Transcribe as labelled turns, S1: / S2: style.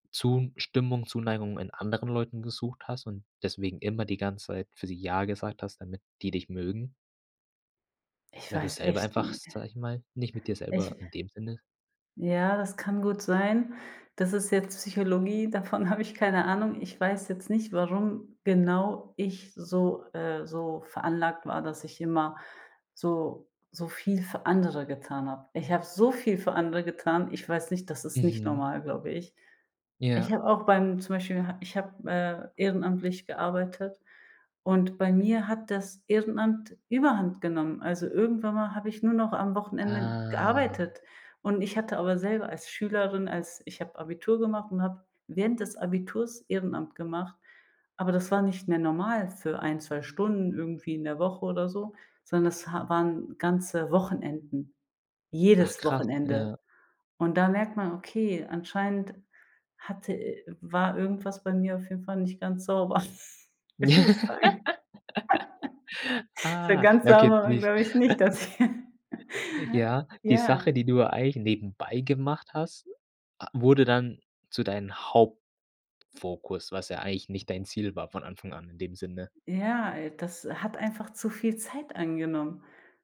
S1: Zustimmung, Zuneigung in anderen Leuten gesucht hast und deswegen immer die ganze Zeit für sie ja gesagt hast, damit die dich mögen?
S2: Ich
S1: Weil du
S2: weiß
S1: selber
S2: echt,
S1: einfach-
S2: ne
S1: sage ich mal- nicht mit dir
S2: Ich
S1: selber, in dem Sinne
S2: Ja, das kann gut sein. Das ist jetzt Psychologie, davon habe ich keine Ahnung. Ich weiß jetzt nicht, warum genau ich so äh, so veranlagt war, dass ich immer so so viel für andere getan hab. Ich hab so viel für andere getan. Ich weiß nicht das ist nicht
S1: Mhm.
S2: normal, glaube ich. Ich
S1: Ja.
S2: habe auch beim zum Beispiel, ha ich hab, äh, ehrenamtlich gearbeitet. Und bei mir hat das Ehrenamt überhand genommen. Also, irgendwann mal hab ich nur noch am Wochenende
S1: Ah.
S2: gearbeitet. Und ich hatte aber selber als Schülerin, als ich hab Abitur gemacht und hab während des Abiturs Ehrenamt gemacht. Aber das war nicht mehr normal für 1, 2 Stunden irgendwie in der Woche oder so, sondern es ha waren ganze Wochenenden,
S1: Ach
S2: jedes
S1: krass,
S2: Wochenende.
S1: ja.
S2: Und da merkt man, okay, anscheinend hatte i war irgendwas bei mir auf jeden Fall nicht ganz sauber. [unintelligible] So
S1: Ah,
S2: ganz
S1: ja, okay,
S2: sauber war,
S1: wie's
S2: glaube ich, nicht das hier.
S1: Ja, die
S2: Ja.
S1: Sache, die du ja eigentlich nebenbei gemacht hast, a wurde dann zu deinen Hauptfokus, was ja eigentlich nicht dein Ziel war von Anfang an, in dem Sinne?
S2: Ja, ey, das hat einfach zu viel Zeit eingenommen.